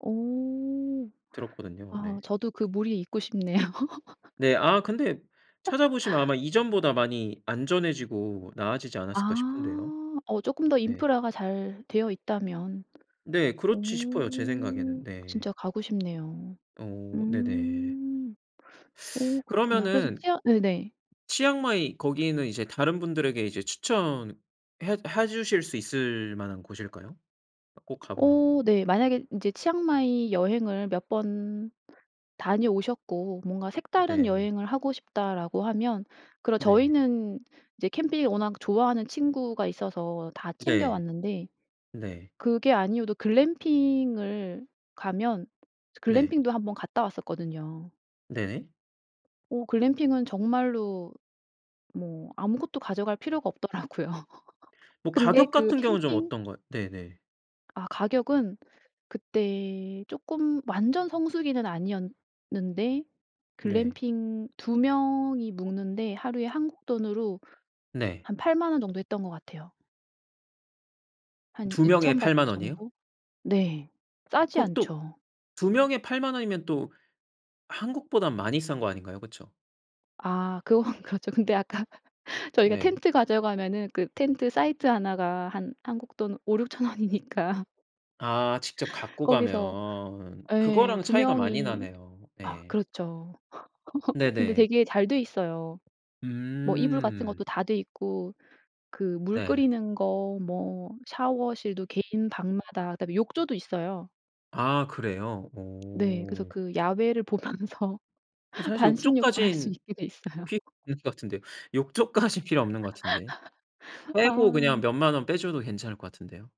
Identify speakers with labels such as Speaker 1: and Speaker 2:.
Speaker 1: 오.
Speaker 2: 들었거든요. 네.
Speaker 1: 아. 저도 그 무리에 있고 싶네요.
Speaker 2: 네 아. 근데 찾아 보시면 아마 이전보다 많이 안전해지고 나아지지 않았을까
Speaker 1: 아
Speaker 2: 싶은데요.
Speaker 1: 어 쪼끔 더
Speaker 2: 네.
Speaker 1: 인프라가 잘 되어 있다면
Speaker 2: 네 그렇지 싶어요 제
Speaker 1: 오.
Speaker 2: 생각에는 네.
Speaker 1: 진짜 가고 싶네요.
Speaker 2: 어. 네네.
Speaker 1: 음. 오 그렇구나. 그래서
Speaker 2: 그러면은
Speaker 1: 치아 네네.
Speaker 2: 치앙마이 거기는 이제 다른 분들에게 이제 추천해 해 주실 수 있을 만한 곳일까요? 아 꼭 가 보라고.
Speaker 1: 어. 네 만약에 인제 치앙마이 여행을 몇 번 다녀오셨고 '뭔가 색다른
Speaker 2: 네.
Speaker 1: 여행을 하고 싶다.'라고 하면 그럼
Speaker 2: 네.
Speaker 1: 저희는 이제 캠핑을 워낙 좋아하는 친구가 있어서 다 챙겨
Speaker 2: 네
Speaker 1: 왔는데
Speaker 2: 네.
Speaker 1: 그게 아니어도 글램핑을 가면 저
Speaker 2: 네.
Speaker 1: 글램핑도 한번 갔다 왔었거든요.
Speaker 2: 네.
Speaker 1: 어 글램핑은 정말로 뭐 아무것도 가져갈 필요가 없더라고요.
Speaker 2: 뭐
Speaker 1: 근데
Speaker 2: 가격
Speaker 1: 그
Speaker 2: 같은 경우는 좀
Speaker 1: 캠핑
Speaker 2: 어떤가 네네.
Speaker 1: 아. 가격은 그때 쪼끔 완전 성수기는 아니었는데
Speaker 2: 네.
Speaker 1: 글램핑 2 명이 묵는데 하루에 한국 돈으로
Speaker 2: 네.
Speaker 1: 한 80,000 원 정도 했던 것 같아요. 한
Speaker 2: 2 명에
Speaker 1: 2,000 바트
Speaker 2: 80,000 원이요?
Speaker 1: 정도? 네 싸지
Speaker 2: 그럼 또
Speaker 1: 않죠.
Speaker 2: 2 명에 80,000 원이면 또 한국보단 많이 싼 거 아닌가요? 그쵸?
Speaker 1: 아. 그건 그렇죠. 근데 아까 저희가
Speaker 2: 네.
Speaker 1: 텐트 가져가면은 그 텐트 사이트 1 가 한 한국 돈 5,000-6,000 원이니까.
Speaker 2: 아. 직접 갖고
Speaker 1: 거기서
Speaker 2: 가면
Speaker 1: 예
Speaker 2: 그거랑
Speaker 1: 2
Speaker 2: 차이가 많이
Speaker 1: 명이
Speaker 2: 나네요.
Speaker 1: 아.
Speaker 2: 네.
Speaker 1: 그렇죠. 근데
Speaker 2: 네네.
Speaker 1: 되게 잘 돼 있어요. 뭐 이불 같은
Speaker 2: 음.
Speaker 1: 것도 다 돼 있고 그 물
Speaker 2: 네.
Speaker 1: 끓이는 거 뭐 샤워실도 개인 방마다 그다음에 욕조도 있어요.
Speaker 2: 아. 그래요?
Speaker 1: 네 그래서
Speaker 2: 어.
Speaker 1: 그 야외를 보면서
Speaker 2: 근데 사실
Speaker 1: 반신욕도 할 수
Speaker 2: 욕조까진
Speaker 1: 있게 돼 있어요.
Speaker 2: 필 [unintelligible] 는 것 같은데요. 욕조까진 필요 없는 것 같은데. 빼고 그냥
Speaker 1: 아.
Speaker 2: 몇만 원 빼 줘도 괜찮을 것 같은데요.